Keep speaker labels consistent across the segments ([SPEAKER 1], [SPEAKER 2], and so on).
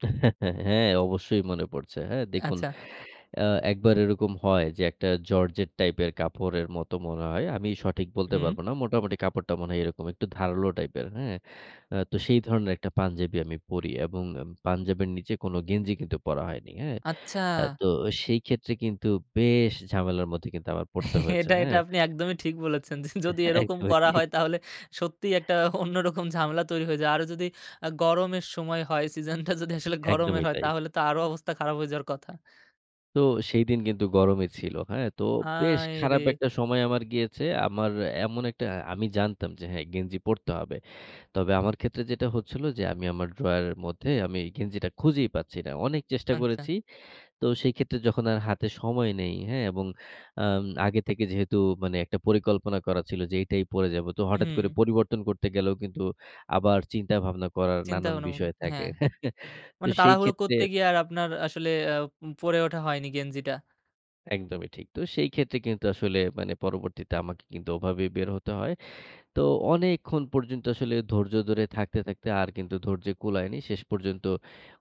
[SPEAKER 1] হ্যা, অবশ্যই মনে পড়ছে। হ্যা? দেখুন
[SPEAKER 2] আচ্ছা।
[SPEAKER 1] অ্যা একবার এরকম হয় যে, একটা জর্জেট টাইপের কাপড়ের মতো মনে হয়, আমি সঠিক বলতে
[SPEAKER 2] হুম।
[SPEAKER 1] পারব না। মোটামুটি কাপড়টা মনে হয় এরকম একটু ধারালো টাইপের, হ্যা? আ তো সেই ধরনের একটা পাঞ্জাবি আমি পড়ি। এবং এম পাঞ্জাবের নিচে কোনো গেঞ্জি কিন্তু পরা হয়নি। হ্যা?
[SPEAKER 2] আচ্ছা।
[SPEAKER 1] আ তো সেই ক্ষেত্রে কিন্তু বেশ ঝামেলার মধ্যে পড়তে হয়েছে।
[SPEAKER 2] এটা, এটা
[SPEAKER 1] হ্যা?
[SPEAKER 2] আপনি একদমই ঠিক বলেছেন। যদি এরকম
[SPEAKER 1] একদমই
[SPEAKER 2] করা
[SPEAKER 1] ঠিক।
[SPEAKER 2] হয় তাহলে সত্যিই একটা অন্যরকম ঝামেলা তৈরি হয়ে যায়, আরও যদি আ গরমের সময় হয়, সিজনটা যদি আসলে গরমের
[SPEAKER 1] একদমই
[SPEAKER 2] হয়,
[SPEAKER 1] তাই।
[SPEAKER 2] তাহলে তো আরো অবস্থা খারাপ হয়ে যাওয়ার কথা।
[SPEAKER 1] তো সেইদিন কিন্তু গরমই ছিল। হ্যা? তো বেশ
[SPEAKER 2] আয় রে!
[SPEAKER 1] খারাপ একটা সময় আমার গিয়েছে। আমার এমন একটা, আমি জানতাম যে, হ্যা, গেঞ্জি পড়তে হবে। তবে আমার ক্ষেত্রে যেটা হচ্ছিল যে, আমি আমার ড্রয়ারের মধ্যে আমি গেঞ্জিটা খুঁজেই পাচ্ছি না। অনেক চেষ্টা
[SPEAKER 2] আচ্ছা।
[SPEAKER 1] করেছি। তো সেই ক্ষেত্রে যখন আর হাতে সময়, নেই হ্যা? এবং আম আগে থেকে যেহেতু মানে একটা পরিকল্পনা করা ছিল যে, "এটাই পড়ে যাব।" তো হঠাৎ করে
[SPEAKER 2] হুম।
[SPEAKER 1] পরিবর্তন করতে গেলেও কিন্তু আবার চিন্তা-ভাবনা করার নানান
[SPEAKER 2] চিন্তা-ভাবনা,
[SPEAKER 1] বিষয়
[SPEAKER 2] হ্যা।
[SPEAKER 1] থাকে। হ্যা? তো
[SPEAKER 2] মানে
[SPEAKER 1] সেই
[SPEAKER 2] তাড়াহুড়ো
[SPEAKER 1] ক্ষেত্রে
[SPEAKER 2] করতে গিয়ে আর আপনার আসলে অ্যা উম পড়ে ওঠা হয়নি, গেঞ্জিটা।
[SPEAKER 1] একদমই ঠিক। তো সেই ক্ষেত্রে কিন্তু আসলে মানে পরবর্তীতে আমাকে কিন্তু ওভাবেই বের হতে হয়। তো অনেকক্ষণ পর্যন্ত আসলে ধৈর্য ধরে থাকতে, থাকতে আর কিন্তু ধৈর্য কূলায়নি। শেষ পর্যন্ত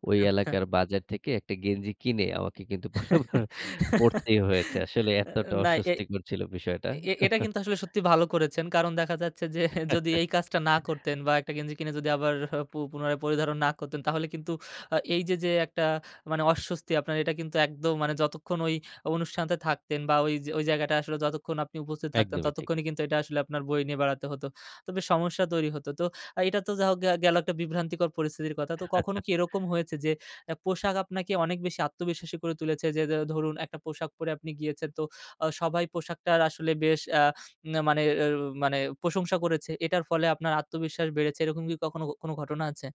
[SPEAKER 1] ওই
[SPEAKER 2] আচ্ছা।
[SPEAKER 1] এলাকার বাজার থেকে একটা গেঞ্জি কিনে, আমাকে কিন্তু পরে আবার পড়তেই হয়েছে। আসলে
[SPEAKER 2] এ
[SPEAKER 1] এতটা
[SPEAKER 2] না, এ,
[SPEAKER 1] অস্বস্তিকর ছিল বিষয়টা।
[SPEAKER 2] এ এটা কিন্তু আসলে সত্যি ভালো করেছেন। কারণ দেখা যাচ্ছে যে, যদি এই কাজটা না করতেন বা একটা গেঞ্জি কিনে যদি আবার পু পুনরায় পরিধারণ না করতেন, তাহলে কিন্তু আ এই যে, যে, একটা মানে অস্বস্তি, আপনার এটা কিন্তু একদম মানে যতক্ষণ ওই অনুষ্ঠান তে থাকতেন বা ওই জা ওই জায়গাটায় আসলে যতক্ষণ আপনি উপস্থিত থাকতেন,
[SPEAKER 1] একদমই ঠিক।
[SPEAKER 2] ততক্ষণই কিন্তু এটা আসলে আপনার বয়ে নিয়ে বেড়াতে হত। তো বেশ সমস্যা তৈরি হত। তো আ এটা তো যা হোক গে গেল একটা বিভ্রান্তিকর পরিস্থিতির কথা। তো কখনো কি এরকম হয়েছে যে, অ্যা পোশাক আপনাকে অনেক বেশি আত্মবিশ্বাসী করে তুলেছে যে, ধরুন, একটা পোশাক পরে আপনি গিয়েছেন তো অ সবাই পোশাকটার আসলে বেশ আ মানে, এউ মানে প্রশংসা করেছে, এটার ফলে আপনার আত্মবিশ্বাস বেড়েছে। এরকম কি কখনো ঘ কোন ঘটনা আছে?